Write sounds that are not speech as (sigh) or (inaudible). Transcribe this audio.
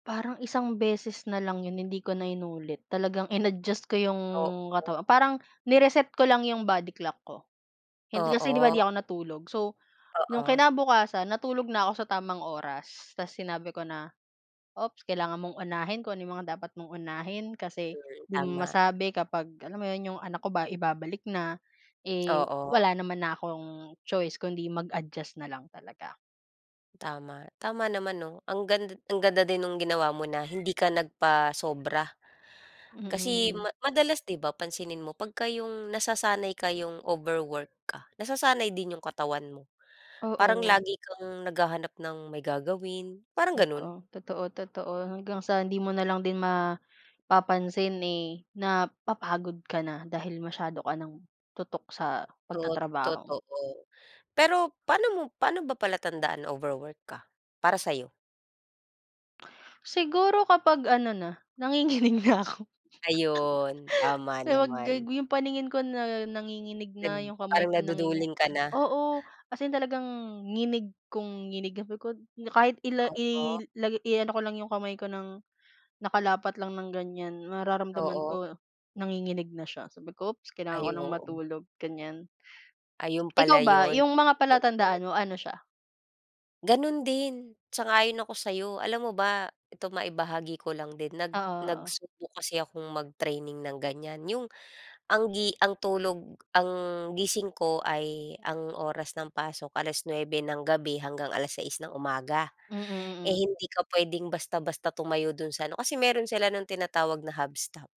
Parang isang beses na lang 'yon hindi ko na inulit talagang ina-adjust ko 'yong Oo. katawan, parang ni-reset ko lang 'yong body clock ko. Hindi kasi 'di ba 'di Oo. ako natulog, so 'yong Oo. kinabukasan natulog na ako sa tamang oras, tapos sinabi ko na, "Ops, kailangan mong unahin kung ano mga dapat mong unahin kasi Work, 'di mo tama. masabi kapag," alam mo 'yon 'yong anak ko ba ibabalik na. Eh, Oo. wala naman na akong choice kundi mag-adjust na lang talaga. Tama, tama naman 'no, ang gand ang ganda din nung ginawa mo na hindi ka nagpasobra. Kasi Mm. madalas 'di ba pansinin mo 'pagka 'yong nasasanay ka 'yong overwork ka, nasasanay din 'yung katawan mo. Parang Oo. lagi kang naghahanap ng may gagawin, parang ganun. Totoo, totoo, totoo hanggang sa hindi mo nalang din mapapansin, eh, napapagod ka na dahil masyado ka ng tutok sa Tot pagtatrabaho. totoo, pero pa'no mo pa'no ba palatandaan na overwork ka, para sayo? Siguro kapag ano na, nanginginig na ako. (chuckles) Ayun, tama Eh, wag gag naman. 'yung paningin ko na nanginginig Nag na, 'yung kamay parang ko nanginginig naduduling ka na. oo, as in talagang nginig kong nginig sabi ko, kahit ila Oo. ilagay ko lang 'yung kamay ko ng nakalapat lang ng ganiyan mararamdaman Oo. ko nanginginig na siya sabi ko, "Ops kailangan ko Ay ng oo. matulog," ganiyan. Ayun Ikaw pala ba yun. 'yung mga Overwork. palatandaan mo, ano siya? Ganun din, sang-ayon ako sa 'yo. Alam mo ba ito maibahagi ko lang din nag Oo, oo. nagsubok kasi akong mag-training ng ganiyan 'yong ang gi ang tulog ang gising ko, ay ang oras ng pasok, 9:00 ng gabi hanggang 6:00 ng umaga. Eh, Mm. Mm. hindi ka puwedeng basta-basta tumayo do'n sa ano, kasi meron sila no'ng tinatawag na Hubstaff.